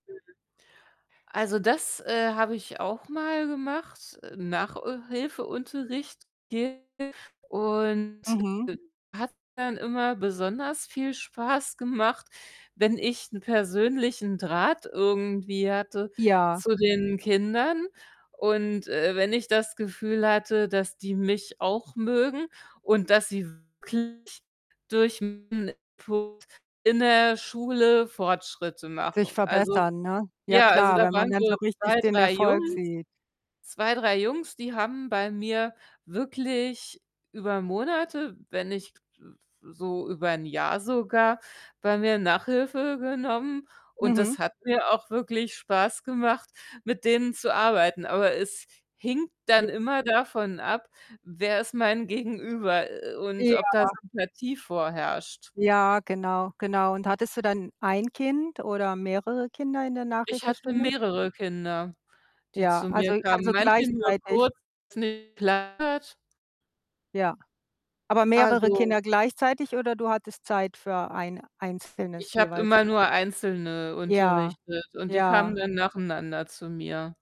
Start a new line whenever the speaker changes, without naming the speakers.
Mhm. Also, das, äh, habe ich auch mal gemacht, äh, Nach äh, Hilfeunterricht gegeben und,
Mhm.
äh, hat dann immer besonders viel Spaß gemacht, wenn ich 'n persönlichen Draht irgendwie hatte
Ja.
zu den Kindern und, äh, wenn ich das Gefühl hatte, dass die mich auch mögen und dass sie wirklich durch [unintelligible] Punkt in der Schule Fortschritte
Sich
machen. Also,
verbessern, ne? Ja
ja also,
klar,
da
wenn man
waren
dann
so
so richtig
2,
den
3
Erfolg
Jungs
sieht.
2, 3 Jungs, die haben bei mir wirklich über Monate, wenn nicht, äh, äh, so über 'n Jahr sogar, bei mir Nachhilfe genommen, und
Mhm.
das hat mir auch wirklich Spaß gemacht, mit denen zu arbeiten. Aber es hing dann
J
immer davon ab, wer ist mein Gegenüber, äh, und ob da
Ja.
Sympathie vorherrscht.
Ja, genau, genau. Und hattest du dann 1 Kind oder mehrere Kinder in der
Ich hatte
Nachhilfestunde?
mehrere Kinder, die
Ja,
zu mir
also
kamen.
also,
Manche nur
gleichzeitig.
kurz, nicht [unintelligible]
Ja. Aber mehrere
Also
Kinder gleichzeitig oder du hattest Zeit für 1 einzelnes
ich habe
jeweils?
immer nur Einzelne
Ja,
unterrichtet und die kamen
ja.
dann nacheinander zu mir.